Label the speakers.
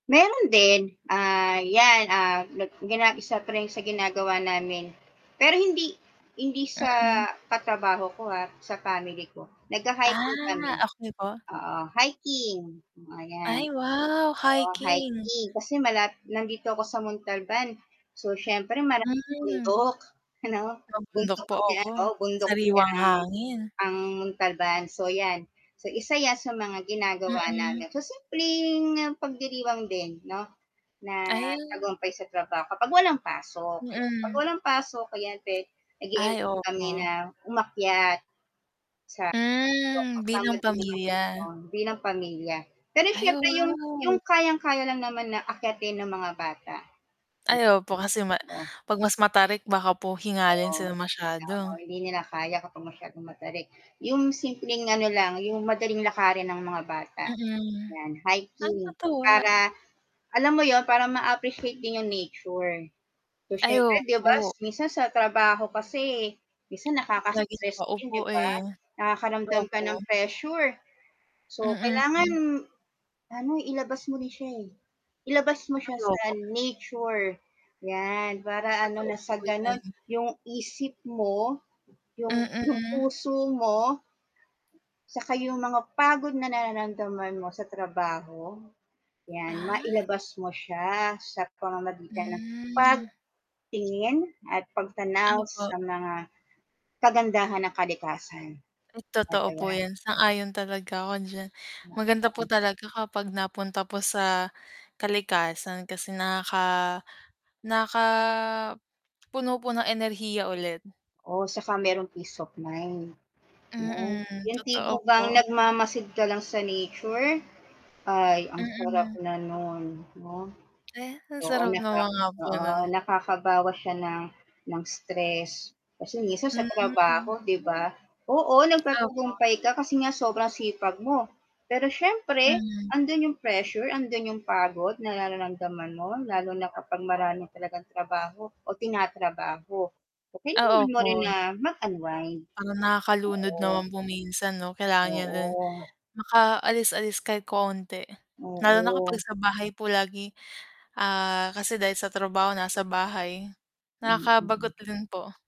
Speaker 1: Meron din, ah, 'yan, ah, nag grabe sa print, sa ginagawa namin. Pero hindi hindi sa
Speaker 2: Mm.
Speaker 1: katrabaho ko, ha, sa family ko,
Speaker 2: Ah,
Speaker 1: nagha-hiking kami.
Speaker 2: okey po.
Speaker 1: Oo, hiking. Oh, ayan.
Speaker 2: Ay, wow,
Speaker 1: Oo,
Speaker 2: hiking.
Speaker 1: hiking, kasi malap nandito ako sa Montalban. So, siyempre maraming
Speaker 2: Hmm.
Speaker 1: bundok ano,
Speaker 2: Mabundok
Speaker 1: bundok
Speaker 2: po,
Speaker 1: kasi
Speaker 2: opo.
Speaker 1: ano, bundok kasi
Speaker 2: Sariwang
Speaker 1: ang
Speaker 2: hangin.
Speaker 1: ang Montalban. So 'yan, so isa 'yan sa mga ginagawa
Speaker 2: Mm.
Speaker 1: namin. So, simpleng pagdiriwang din 'no, na
Speaker 2: Ah.
Speaker 1: tagumpay sa trabaho, kapag walang pasok, no. 'Pag
Speaker 2: Mm.
Speaker 1: walang pasok, ayan pwede,
Speaker 2: Ay,
Speaker 1: nag-e-enjoy kami
Speaker 2: opo.
Speaker 1: na umakyat, sa bundok
Speaker 2: Hmm,
Speaker 1: kasama
Speaker 2: bilang
Speaker 1: din ng
Speaker 2: pamilya.
Speaker 1: iba, bilang pamilya. Pero
Speaker 2: Ay,
Speaker 1: syempre yung yung
Speaker 2: wow.
Speaker 1: kayang-kaya lang naman na akyatin ng mga bata.
Speaker 2: Ay, opo kasi ma
Speaker 1: Mm. Uga
Speaker 2: 'pag mas matarik baka po hingalin
Speaker 1: Oo,
Speaker 2: sila
Speaker 1: yun nga. Oh,
Speaker 2: masyado.
Speaker 1: hindi nyo na kaya kapag masyadong matarik. Yung simpleng ano lang, yung madaling lakarin ng mga bata,
Speaker 2: Mm,
Speaker 1: 'yan, hiking.
Speaker 2: kakatuwa.
Speaker 1: Para alam mo yun, para ma-appreciate din yung nature. So,
Speaker 2: Ay,
Speaker 1: siyempre 'di ba,
Speaker 2: opo.
Speaker 1: minsan sa trabaho kasi, minsan
Speaker 2: Laging
Speaker 1: nakaka-stress din,
Speaker 2: nakaupo,
Speaker 1: 'di ba,
Speaker 2: eh. Totoo
Speaker 1: nakakaramdam ka
Speaker 2: po.
Speaker 1: ng pressure. So, kailangan
Speaker 2: Mm.
Speaker 1: ano, ilabas mo na siya, eh. Ilabas mo siya
Speaker 2: Ay,
Speaker 1: sa
Speaker 2: opo.
Speaker 1: nature, 'yan, para ano,
Speaker 2: Totoo
Speaker 1: nang sa
Speaker 2: po
Speaker 1: ganun
Speaker 2: 'yan.
Speaker 1: yung isip mo, yung yung
Speaker 2: Mm.
Speaker 1: puso mo saka yung mga pagod na nararamdaman mo sa trabaho, 'yan,
Speaker 2: Ah.
Speaker 1: mailabas mo siya, sa pamamagitan ng
Speaker 2: Hmm.
Speaker 1: pagtingin at pagtanaw
Speaker 2: Opo.
Speaker 1: sa mga kagandahan ng kalikasan.
Speaker 2: Hmm,
Speaker 1: At,
Speaker 2: totoo po
Speaker 1: ayan.
Speaker 2: 'yan, sang-ayon talaga ako diyan.
Speaker 1: Oo.
Speaker 2: Maganda po talaga kapag napunta po sa kalikasan, kasi nakaka nakakapuno po ng enerhiya ulit.
Speaker 1: Oo, saka merong peace of mind, 'no?
Speaker 2: Mm,
Speaker 1: Yung
Speaker 2: totoo
Speaker 1: tipo bang
Speaker 2: po.
Speaker 1: nagmamasid ka lang sa nature? Ay, ang sarap
Speaker 2: Mm.
Speaker 1: na nun, 'no?
Speaker 2: Aya ang
Speaker 1: Oo,
Speaker 2: sarap
Speaker 1: naka
Speaker 2: naman nga po nun.
Speaker 1: oo, nakakabawas siya ng ng stress, kasi minsan sa
Speaker 2: Hmm.
Speaker 1: trabaho, 'di ba? Oo,
Speaker 2: Opo.
Speaker 1: nagtatagumpay ka kasi nga sobrang sipag mo, pero siyempre
Speaker 2: Mm.
Speaker 1: andun yung pressure, andun yung pagod na nararamdaman mo, lalo na kapag marami talagang trabaho o tinatrabaho. So,
Speaker 2: Ah,
Speaker 1: kailangan mo rin
Speaker 2: opo.
Speaker 1: na mag-unwind.
Speaker 2: Parang nakakalunod
Speaker 1: Oo.
Speaker 2: naman po minsan, 'no? Kailangan niya din
Speaker 1: Oo.
Speaker 2: makaalis-alis kahit konti. Lalo na kapag
Speaker 1: Oo.
Speaker 2: sa bahay po lagi, ah, kasi dahil sa trabaho nasa bahay,
Speaker 1: Mm.
Speaker 2: nakakabagot rin po.